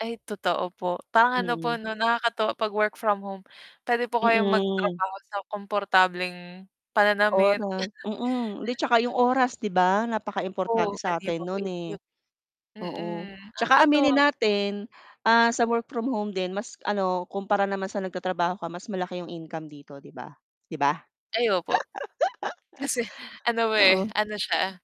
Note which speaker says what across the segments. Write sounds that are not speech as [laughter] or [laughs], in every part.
Speaker 1: Ay totoo po. Parang ano po
Speaker 2: Mm.
Speaker 1: 'no, nakakatuwa 'pag work from home, puwede po kayong
Speaker 2: Mm.
Speaker 1: magtrabaho sa komportableng pananamit.
Speaker 2: Oras, mm. 'Di 'tsaka 'yong
Speaker 1: [chuckles]
Speaker 2: oras 'di ba
Speaker 1: Opo,
Speaker 2: napakaimportante
Speaker 1: pwede
Speaker 2: sa
Speaker 1: niyo
Speaker 2: atin
Speaker 1: pa po
Speaker 2: no'n, eh.
Speaker 1: i-mute.
Speaker 2: Oo,
Speaker 1: Mm,
Speaker 2: 'tsaka
Speaker 1: nakakatuwa
Speaker 2: aminin natin, ah, sa work from home din mas ano, kumpara naman sa nagtatrabaho ka mas malaki 'yong income dito, 'di ba. 'Di ba?
Speaker 1: Ay opo. Kasi ano,
Speaker 2: [laughs]
Speaker 1: eh,
Speaker 2: Oo.
Speaker 1: ano
Speaker 2: Mm.
Speaker 1: siya,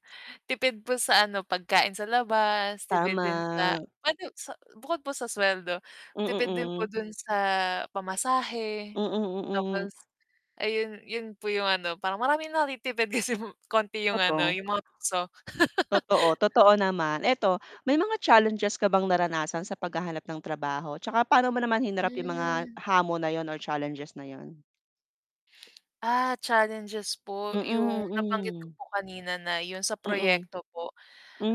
Speaker 1: tipid po sa ano, pagkain sa labas, tipid din sa
Speaker 2: Tama.
Speaker 1: puwede sa bukod po sa suweldo, tipid din
Speaker 2: Mm,
Speaker 1: po
Speaker 2: hmm.
Speaker 1: do'n sa pamasahe,
Speaker 2: Mm, mm.
Speaker 1: tapos ayun, 'yon po 'yong ano, parang maraming natitipid kasi konti 'yong ano,
Speaker 2: Totoo.
Speaker 1: 'yong mga tukso.
Speaker 2: Totoo,
Speaker 1: [laughs]
Speaker 2: totoo naman. 'Eto, may mga challenges ka bang naranasan sa paghahanap ng trabaho 'tsaka pa'no mo naman hinarap 'yung mga
Speaker 1: Hmm.
Speaker 2: hamon na 'yun or challenges na 'yun?
Speaker 1: Ah, challenges po, 'yung
Speaker 2: Mm,
Speaker 1: nabanggit ko
Speaker 2: mm.
Speaker 1: po kanina na 'yun sa
Speaker 2: Mm.
Speaker 1: proyekto po.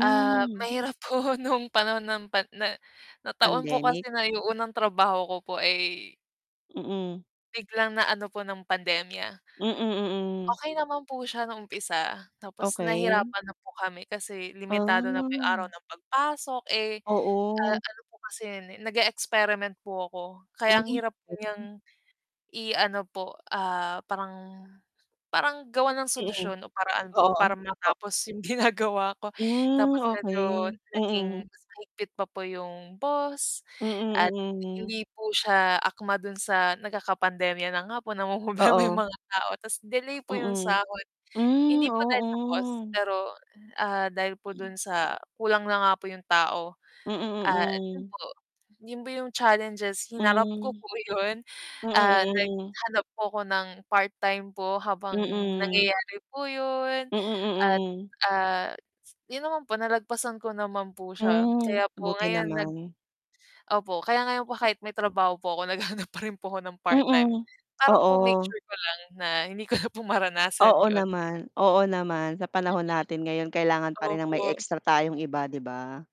Speaker 1: Ah, mahirap po nung panahon ng pan na nataon po
Speaker 2: Pandemic.
Speaker 1: kasi na 'yung unang trabaho ko po ay
Speaker 2: Mm.
Speaker 1: biglang na ano po ng pandemya.
Speaker 2: Mm, mm.
Speaker 1: Okey naman po siya nung umpisa tapos
Speaker 2: Okey.
Speaker 1: nahirapan na po kami kasi limitado na po 'yung araw
Speaker 2: Ah.
Speaker 1: ng pagpasok, eh, a
Speaker 2: Oo.
Speaker 1: ano po kasi 'yun, eh, nag-e-experiment po ako
Speaker 2: Hmm,
Speaker 1: kaya ang hirap
Speaker 2: galing.
Speaker 1: niyang i-ano po, ah, parang parang gawan ng
Speaker 2: Mm.
Speaker 1: solusyon o paraan
Speaker 2: Oo,
Speaker 1: po
Speaker 2: oh,
Speaker 1: para
Speaker 2: o
Speaker 1: matapos 'yung ginagawa ko.
Speaker 2: Hmm,
Speaker 1: Tapos medyo
Speaker 2: okey, mm.
Speaker 1: naging mas mahigpit pa po 'yung boss at
Speaker 2: Mm, mm.
Speaker 1: hindi po siya akma dun sa nagkakapandemya na nga po, namomroblema 'yung
Speaker 2: Oo.
Speaker 1: mga tao ta's delay po 'yung
Speaker 2: Mm.
Speaker 1: sahod.
Speaker 2: Hmm,
Speaker 1: Hindi po dahil sa cost,
Speaker 2: oo.
Speaker 1: pero, ah, dahil po dun sa kulang na nga po 'yung tao
Speaker 2: Mm,
Speaker 1: at 'yun
Speaker 2: mm.
Speaker 1: po, 'yun po 'yung challenges,
Speaker 2: Hmm.
Speaker 1: hinarap ko po 'yun,
Speaker 2: Mm,
Speaker 1: ah,
Speaker 2: mm.
Speaker 1: naghanap po ako ng part-time po habang
Speaker 2: Mm.
Speaker 1: nangyayari po 'yun
Speaker 2: Mm,
Speaker 1: at,
Speaker 2: mm.
Speaker 1: ah, 'yun naman po, nalagpasan ko naman po siya.
Speaker 2: Hmm,
Speaker 1: Kaya po
Speaker 2: buti
Speaker 1: ngayon nag
Speaker 2: naman.
Speaker 1: opo. Kaya ngayon po kahit may trabaho po ako naghahanap pa rin po ako ng part-time,
Speaker 2: Mm,
Speaker 1: para po make
Speaker 2: oo.
Speaker 1: sure ko lang na hindi ko na po maranasan
Speaker 2: Oo
Speaker 1: 'yun.
Speaker 2: naman, oo naman. Sa panahon natin ngayon kailangan
Speaker 1: Mm,
Speaker 2: pa rin ng may
Speaker 1: opo.
Speaker 2: extra tayong iba, 'di ba?